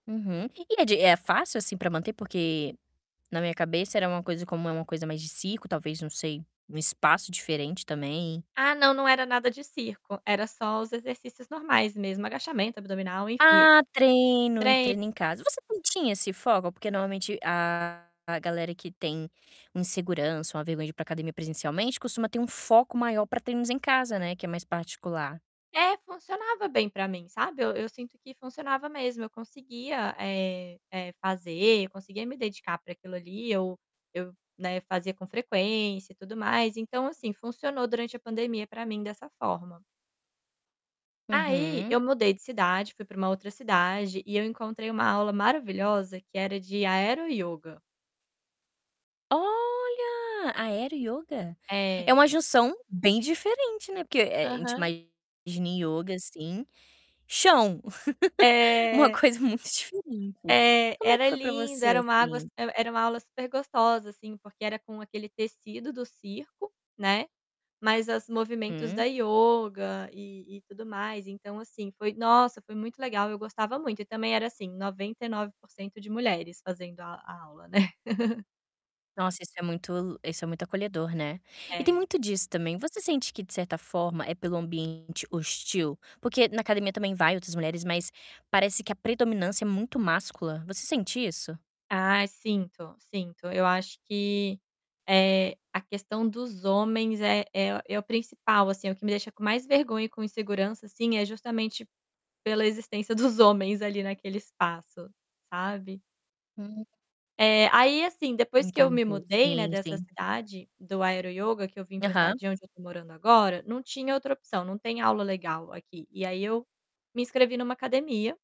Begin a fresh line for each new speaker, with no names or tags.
Uhum, que que é de é fácil assim pra manter? Porque, na minha cabeça era uma coisa como é uma coisa mais de circo talvez não sei, um espaço diferente também.
Ah não, não era nada de circo, era só os exercícios normais mesmo, agachamento abdominal, enfim.
Ah, treino,
Trei
treino em casa, você não tinha esse foco, porque normalmente a a galera que tem insegurança, uma vergonha de para academia presencialmente costuma ter um foco maior para treinos em casa, né, que é mais particular.
É, funcionava bem pra mim, sabe, eu eu sinto que funcionava mesmo, eu conseguia, eh eh, fazer, eu conseguia me dedicar pra aquilo ali, eu eu, né, fazia com frequência e tudo mais, então assim, funcionou durante a pandemia pra mim dessa forma. Aí
Uhum.
eu mudei de cidade, fui pra uma outra cidade e eu encontrei uma aula maravilhosa que era de aero ioga.
Olha! Aero ioga. É
É.
uma junção bem diferente, né, porque, eh, a gente
Aham.
imagina ioga, assim, chão. Uma
É.
coisa muito diferente.
É,
Como é que
era
foi para
lindo,
você,
era uma águas
assim?
era uma aula super gostosa, assim, porque era com aquele tecido do circo, né, mas as movimentos da
Hum.
ioga e e tudo mais então assim foi, nossa, foi muito legal eu gostava muito e também era assim 99% de mulheres fazendo a a aula, né.
Nossa, isso é muito isso é muito acolhedor, né? E tem
É.
muito disso também, você sente que de certa forma é pelo ambiente hostil? Porque na academia também vai outras mulheres, mas parece que a predominância é muito máscula, você sente isso?
Ah, sinto, sinto, eu acho que, eh, a questão dos homens é é é o principal, assim, o que me deixa com mais vergonha e com insegurança, assim, é justamente pela existência dos homens ali naquele espaço, sabe?
Hum.
Eh, aí assim depois que eu me
Entendi,
mudei, né,
sim,
dessa
sim.
cidade, do aero ioga, que eu vim pra cidade
Aham.
de onde eu tô morando agora, não tinha outra opção, não tem aula legal aqui e aí eu me inscrevi numa academia